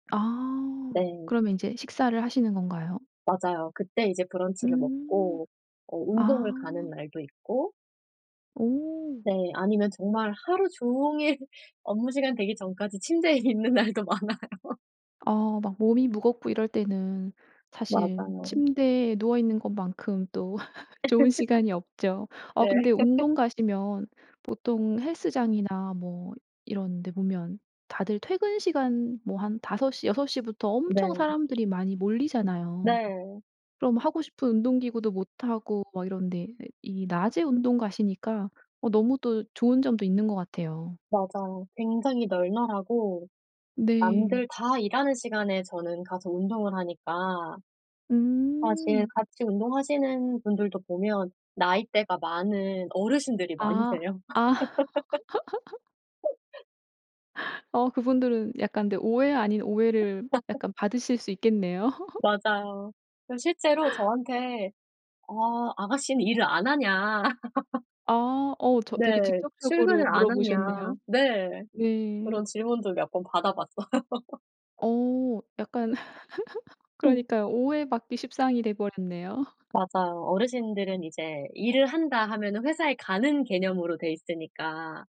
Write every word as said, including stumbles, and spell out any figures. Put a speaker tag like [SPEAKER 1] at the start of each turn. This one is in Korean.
[SPEAKER 1] 아
[SPEAKER 2] 네.
[SPEAKER 1] 그러면 인제 식사를 하시는 건가요?
[SPEAKER 2] 맞아요. 그때 이제 브런치를
[SPEAKER 1] 음.
[SPEAKER 2] 먹고 어 운동을
[SPEAKER 1] 아.
[SPEAKER 2] 가는 날도 있고
[SPEAKER 1] 오.
[SPEAKER 2] 네. 아니면 정말 하루 종일 업무시간 되기 전까지 침대에 있는 날도 많아요.
[SPEAKER 1] 어 막 몸이 무겁고 이럴 때는 사실
[SPEAKER 2] 맞아요.
[SPEAKER 1] 침대에 누워있는 것만큼 또 좋은 시간이 없죠. 어
[SPEAKER 2] 네.
[SPEAKER 1] 근데 운동 가시면 보통 헬스장이나 뭐 이런 데 보면 다들 퇴근시간 뭐 한 다섯 시 여섯 시부터 엄청
[SPEAKER 2] 네.
[SPEAKER 1] 사람들이 많이 몰리잖아요.
[SPEAKER 2] 네.
[SPEAKER 1] 그럼 하고 싶은 운동기구도 못 하고 막 이런데, 이 이 낮에 운동 가시니까 어 너무 또 좋은 점도 있는 것 같아요.
[SPEAKER 2] 맞아요. 굉장히 널널하고
[SPEAKER 1] 네.
[SPEAKER 2] 남들 다 일하는 시간에 저는 가서 운동을 하니까 아 지금
[SPEAKER 1] 음.
[SPEAKER 2] 같이 운동하시는 분들도 보면 나이대가 많은 어르신들이
[SPEAKER 1] 아
[SPEAKER 2] 많으세요.
[SPEAKER 1] 아. 어 그분들은 약간 근데 오해 아닌 오해를 약간 받으실 수 있겠네요.
[SPEAKER 2] 맞아요. 그 실제로 저한테 "어 아가씨는 일을 안 하냐?"
[SPEAKER 1] 아 어 저
[SPEAKER 2] 네.
[SPEAKER 1] 되게 직접적으로
[SPEAKER 2] "출근을 안 하냐"
[SPEAKER 1] 물어보셨네요.
[SPEAKER 2] 네.
[SPEAKER 1] 네.
[SPEAKER 2] 그런 질문도 몇 번 받아봤어요.
[SPEAKER 1] 어 약간 그러니까요. 오해받기 십상이 돼 버렸네요.
[SPEAKER 2] 맞아요. 어르신들은 이제 '일을 한다.' 하면은 회사에 가는 개념으로 돼 있으니까